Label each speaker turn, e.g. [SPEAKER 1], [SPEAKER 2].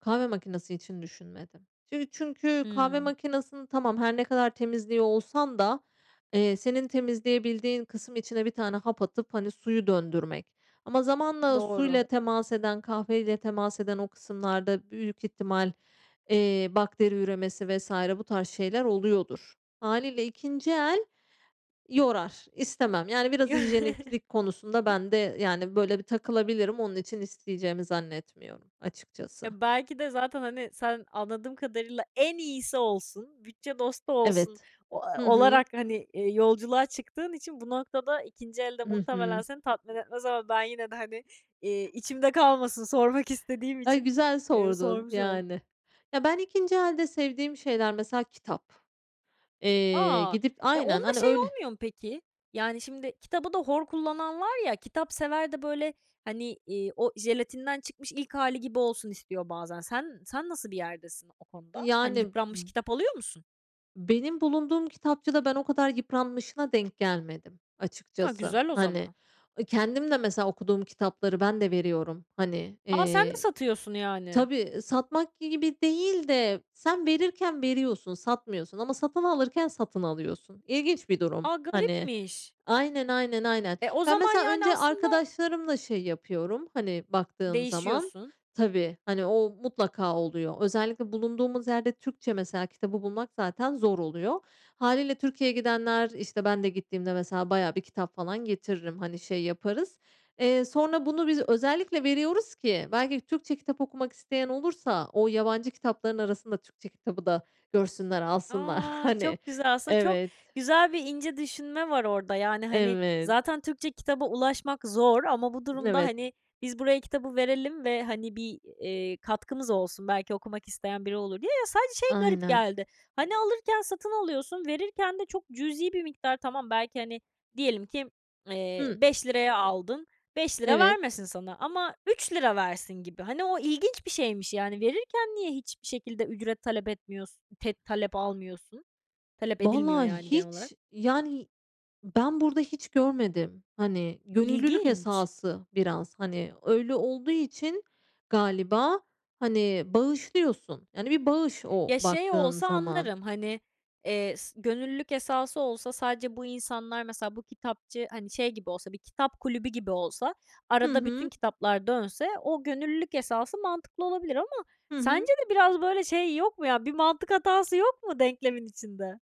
[SPEAKER 1] Kahve makinesi için düşünmedim. Şimdi çünkü kahve
[SPEAKER 2] Hımm.
[SPEAKER 1] makinesini, tamam, her ne kadar temizliyor olsan da, eee, senin temizleyebildiğin kısım içine 1 tane hap atıp, hani, suyu döndürmek ama zamanla
[SPEAKER 2] Doğru.
[SPEAKER 1] suyla temas eden, kahveyle temas eden o kısımlarda büyük ihtimal, eee, bakteri üremesi vs. bu tarz şeyler oluyordur. Hâliyle ikinci el yorar, istemem, yani, biraz hijyeniklik konusunda ben de yani böyle bir takılabilirim. Onun için isteyeceğimi zannetmiyorum, açıkçası.
[SPEAKER 2] Ya, belki de zaten, hani, sen, anladığım kadarıyla, "En iyisi olsun, bütçe dostu olsun,"
[SPEAKER 1] Evet,
[SPEAKER 2] o a
[SPEAKER 1] Hı hı.
[SPEAKER 2] olarak, hani, eee, yolculuğa çıktığın için bu noktada ikinci el de
[SPEAKER 1] Hı
[SPEAKER 2] muhtemelen
[SPEAKER 1] hı.
[SPEAKER 2] seni tatmin etmez ama ben yine de, hani, eee, içimde kalmasın sormak istediğim
[SPEAKER 1] Ay,
[SPEAKER 2] için,
[SPEAKER 1] güzel
[SPEAKER 2] eee,
[SPEAKER 1] sordun,
[SPEAKER 2] sormuş oldum.
[SPEAKER 1] yani. Ya, ben ikinci elde sevdiğim şeyler, mesela, kitap, eee,
[SPEAKER 2] A!
[SPEAKER 1] gidip
[SPEAKER 2] E,
[SPEAKER 1] Aynen,
[SPEAKER 2] onda
[SPEAKER 1] hani,
[SPEAKER 2] şey
[SPEAKER 1] öyle
[SPEAKER 2] olmuyor mu, peki? Yani, şimdi kitabı da hor kullanan var ya, kitapsever de, böyle, hani, iii, o jelatinden çıkmış ilk hâli gibi olsun istiyor bazen. Sen sen nasıl bir yerdesin o konuda? Hani,
[SPEAKER 1] Yani,
[SPEAKER 2] yıpranmış
[SPEAKER 1] m
[SPEAKER 2] kitap alıyor musun?
[SPEAKER 1] Benim bulunduğum kitapçıda ben o kadar yıpranmışına denk gelmedim,
[SPEAKER 2] A,
[SPEAKER 1] açıkçası.
[SPEAKER 2] güzel o
[SPEAKER 1] Hani,
[SPEAKER 2] zaman.
[SPEAKER 1] ı kendim de, mesela, okuduğum kitapları ben de veriyorum. Hani,
[SPEAKER 2] A! Sen de
[SPEAKER 1] eee,
[SPEAKER 2] satıyorsun, yani.
[SPEAKER 1] tabii satmak gibi değil de sen verirken veriyorsun, satmıyorsun ama satın alırken satın alıyorsun. İlginç bir durum.
[SPEAKER 2] A,
[SPEAKER 1] Hani,
[SPEAKER 2] garipmiş!
[SPEAKER 1] aynen, aynen, aynen.
[SPEAKER 2] E, o
[SPEAKER 1] Ben
[SPEAKER 2] zaman,
[SPEAKER 1] mesela
[SPEAKER 2] yani,
[SPEAKER 1] önce
[SPEAKER 2] aslında
[SPEAKER 1] arkadaşlarımla şey yapıyorum, hani, baktığım zaman
[SPEAKER 2] Değişiyorsun.
[SPEAKER 1] Tabii, hani o mutlaka oluyor. Özellikle bulunduğumuz yerde Türkçe mesela kitabı bulmak zaten zor oluyor. Hâliyle, Türkiye'ye gidenler, işte, ben de gittiğimde, mesela, bayağı bir kitap falan getiririm, hani, şey yaparız. Eee, sonra bunu biz özellikle veriyoruz ki belki Türkçe kitap okumak isteyen olursa o yabancı kitapların arasında Türkçe kitabı da görsünler, alsınlar.
[SPEAKER 2] A!
[SPEAKER 1] Hani
[SPEAKER 2] Çok güzel. Aslında çok
[SPEAKER 1] Evet.
[SPEAKER 2] güzel ve ince düşünme var orada. Yani, hani,
[SPEAKER 1] Evet.
[SPEAKER 2] zaten Türkçe kitaba ulaşmak zor ama bu durumda,
[SPEAKER 1] Evet.
[SPEAKER 2] hani, "Biz buraya kitabı verelim ve, hani, bir, eee, katkımız olsun, belki okumak isteyen biri olur," diye. Ya, sadece şey garip
[SPEAKER 1] Aynen.
[SPEAKER 2] geldi. Hani, alırken satın alıyorsun, verirken de çok cüzi bir miktar, tamam, belki, hani, diyelim ki, eee,
[SPEAKER 1] Hıı.
[SPEAKER 2] ₺5 aldın, ₺5
[SPEAKER 1] Evet.
[SPEAKER 2] vermesin sana ama ₺3 versin gibi. Hani o ilginç bir şeymiş yani verirken niye hiçbir şekilde ücret talep etmiyorsun, te talep almıyorsun? Talep edilmiyor,
[SPEAKER 1] Valla
[SPEAKER 2] yani genel olarak.
[SPEAKER 1] hiç yani, ben burada hiç görmedim. Hani, gönüllülük
[SPEAKER 2] İlginç.
[SPEAKER 1] esası biraz. Hani, öyle olduğu için galiba, hani, bağışlıyorsun. Yani, bir bağış o
[SPEAKER 2] Ya, şey
[SPEAKER 1] baktığın
[SPEAKER 2] olsa
[SPEAKER 1] zaman.
[SPEAKER 2] anlarım, hani, eee, s gönüllülük esası olsa sadece bu insanlar mesela bu kitapçı, hani, şey gibi olsa bir kitap kulübü gibi olsa
[SPEAKER 1] Hı
[SPEAKER 2] arada bütün
[SPEAKER 1] hı.
[SPEAKER 2] kitaplar dönse o gönüllülük esası mantıklı olabilir ama
[SPEAKER 1] Hı hı.
[SPEAKER 2] sence de biraz böyle şey yok mu, ya, bir mantık hatası yok mu denklemin içinde?